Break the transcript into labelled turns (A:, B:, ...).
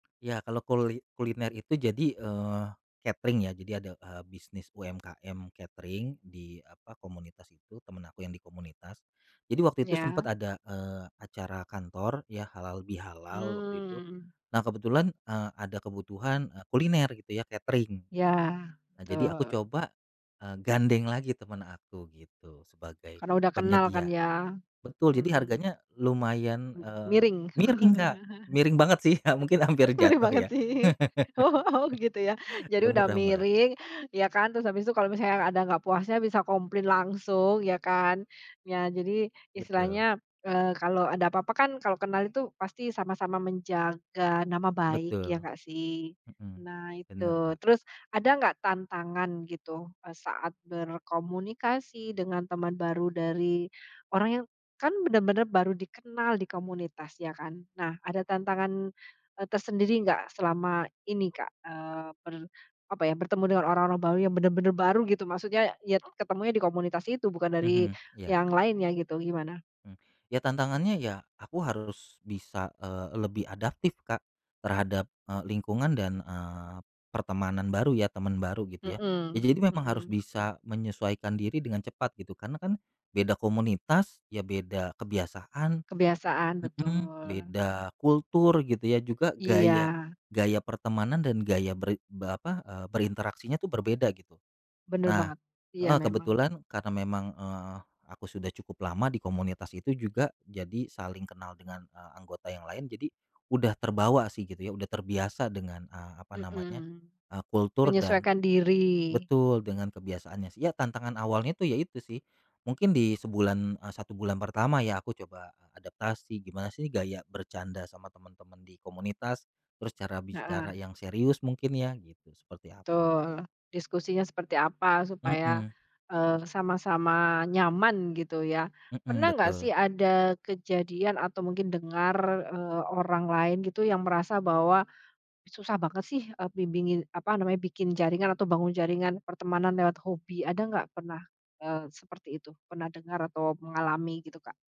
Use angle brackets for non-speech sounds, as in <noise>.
A: Ya, kalau kuli kuliner itu jadi, eee, catering ya jadi, ada, eee, bisnis UMKM catering di apa, komunitas itu temen aku yang di komunitas. Jadi waktu itu sempet
B: Iya.
A: ada, eee, acara kantor ya halal bihalal waktu itu.
B: Mmm.
A: Nah kebetulan, eee, ada kebutuhan, eee, kuliner gitu ya catering.
B: Iya,
A: Nah, jadi aku
B: betul.
A: coba, eee, gandeng lagi temen aku gitu sebagai
B: Karena udah kenal kan
A: penyedia.
B: ya.
A: Betul jadi
B: Mmm.
A: harganya lumayan,
B: Mmm,
A: eee,
B: miring.
A: miring, Kak, miring banget sih ya mungkin
B: <chuckles>
A: hampir
B: <chuckles> bener
A: jatuh
B: banget
A: ya.
B: sih. Oh, gitu ya.
A: <chuckles>
B: Jadi
A: Ya,
B: udah
A: murah murah.
B: miring ya kan, terus habis itu kalau misalnya ada nggak puasnya bisa komplain langsung ya kan. Ya jadi
A: Betul.
B: istilahnya, eee, kalau ada apa-apa kan kalau kenal itu pasti sama-sama menjaga nama baik ya
A: Betul.
B: nggak sih?
A: Mhm.
B: Nah
A: Bener,
B: itu.
A: Kak.
B: Terus ada nggak tantangan gitu, eee, saat berkomunikasi dengan teman baru dari orang yang kan benar-benar baru dikenal di komunitas ya kan. Nah ada tantangan, eee, tersendiri enggak selama ini, Kak, eee, ber apa ya, bertemu dengan orang-orang baru yang benar-benar baru gitu, maksudnya nye ketemunya di komunitas itu bukan dari
A: Mhm, iya.
B: yang lain ya gitu, gimana?
A: Mmm. Ya tantangannya ya aku harus bisa, eee, lebih adaptif, Kak, terhadap, eee, lingkungan dan, eee, pertemanan baru ya, teman baru gitu ya.
B: Mmm
A: Jadi memang harus
B: mmm.
A: bisa menyesuaikan diri dengan cepat gitu karena kan beda komunitas ya beda kebiasaan
B: Kebiasaan, betul.
A: mhm, beda kultur gitu ya juga gaya
B: Iya.
A: gaya pertemanan dan gaya berin be apa, eee, berinteraksinya tuh berbeda gitu.
B: Bener
A: Nah
B: banget. Iya
A: heeh,
B: memang.
A: kebetulan karena memang, eee, aku sudah cukup lama di komunitas itu juga jadi saling kenal dengan, eee, anggota yang lain, jadi udah terbawa sih gitu ya, udah terbiasa dengan, eee, apa namanya,
B: Mmm.
A: eee, kultur dan
B: Menyesuaikan diri.
A: betul dengan kebiasaannya sih. Ya tantangan awalnya itu ya itu sih. Mungkin di sebulan, eee, 1 bulan pertama ya aku coba adaptasi gimana sih gaya bercanda sama temen-temen di komunitas, terus cara
B: Heeh.
A: bicara yang serius mungkin ya gitu seperti apa.
B: Betul, diskusinya seperti apa supaya,
A: Mhm.
B: eee, sama-sama nyaman gitu ya.
A: Mhm,
B: Pernah nggak sih
A: betul.
B: ada kejadian atau mungkin dengar, eee, orang lain gitu yang merasa bahwa, "Susah banget sih, eee, bimbingin apa namanya, bikin jaringan atau bangun jaringan pertemanan lewat hobi." Ada nggak pernah seperti, eee, itu? Pernah dengar atau mengalami gitu, Kak?